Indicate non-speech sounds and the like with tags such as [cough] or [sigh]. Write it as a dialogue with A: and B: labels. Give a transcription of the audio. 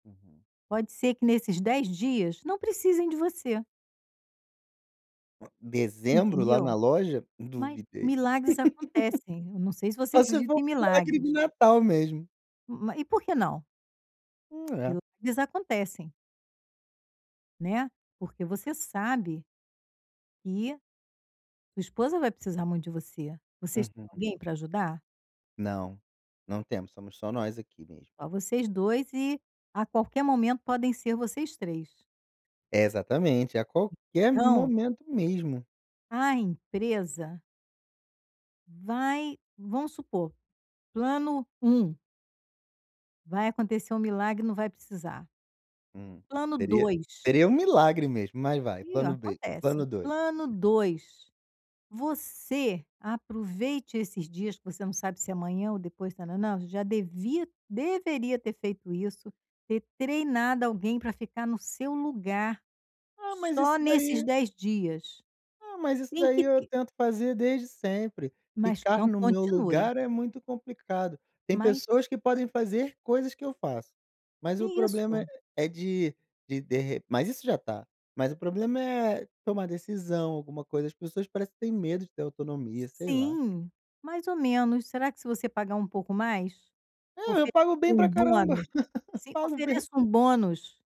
A: Uhum.
B: Pode ser que nesses 10 dias não precisem de você.
A: Dezembro lá
B: Entendeu?
A: na loja,
B: Mas
A: duvidei. [laughs]
B: milagres acontecem. Eu não sei se você
A: Só se
B: acredita
A: for
B: em
A: um milagre de
B: milagres.
A: Natal mesmo.
B: Ma e por que não?
A: Hum, é.
B: Eles acontecem. Né, porque você sabe e sua esposa vai precisar muito de você. Vocês têm
A: Uhum.
B: alguém para ajudar?
A: Não, não temos. Somos só nós aqui mesmo.
B: Só vocês 2 e, a qualquer momento, podem ser vocês 3.
A: Exatamente, a qualquer
B: Então
A: momento mesmo.
B: a empresa vai vamos supor, plano 1 vai acontecer um milagre e não vai precisar
A: Hum,
B: plano
A: seria
B: 2.
A: seria um milagre mesmo, mas vai,
B: E,
A: plano B,
B: acontece
A: plano
B: hein,
A: 2.
B: plano 2, você aproveite esses dias que você não sabe se amanhã ou depois, ta nã nã. Já devia deveria ter feito isso: ter treinado alguém para ficar no seu lugar
A: Ah, mas
B: só
A: isso
B: nesses
A: daí
B: 10 dias.
A: ah, mas isso
B: Tem
A: daí
B: que
A: eu
B: ter.
A: tento fazer desde sempre.
B: Mas
A: Ficar
B: então,
A: no meu
B: continue.
A: lugar é muito complicado. Tem
B: Mas.
A: pessoas que podem fazer coisas que eu faço, mas
B: Que
A: o problema
B: isso!
A: é de de derre Mas isso já está Mas o problema é tomar decisão, alguma coisa. As pessoas parecem que têm medo de ter autonomia, sei lá.
B: Sim, mais ou menos. Será que se você pagar um pouco mais,
A: É, eu
B: oferece
A: pago bem
B: um
A: para caramba,
B: bônus?
A: [laughs] eu
B: Sim,
A: pago bem.
B: ofereço um bônus.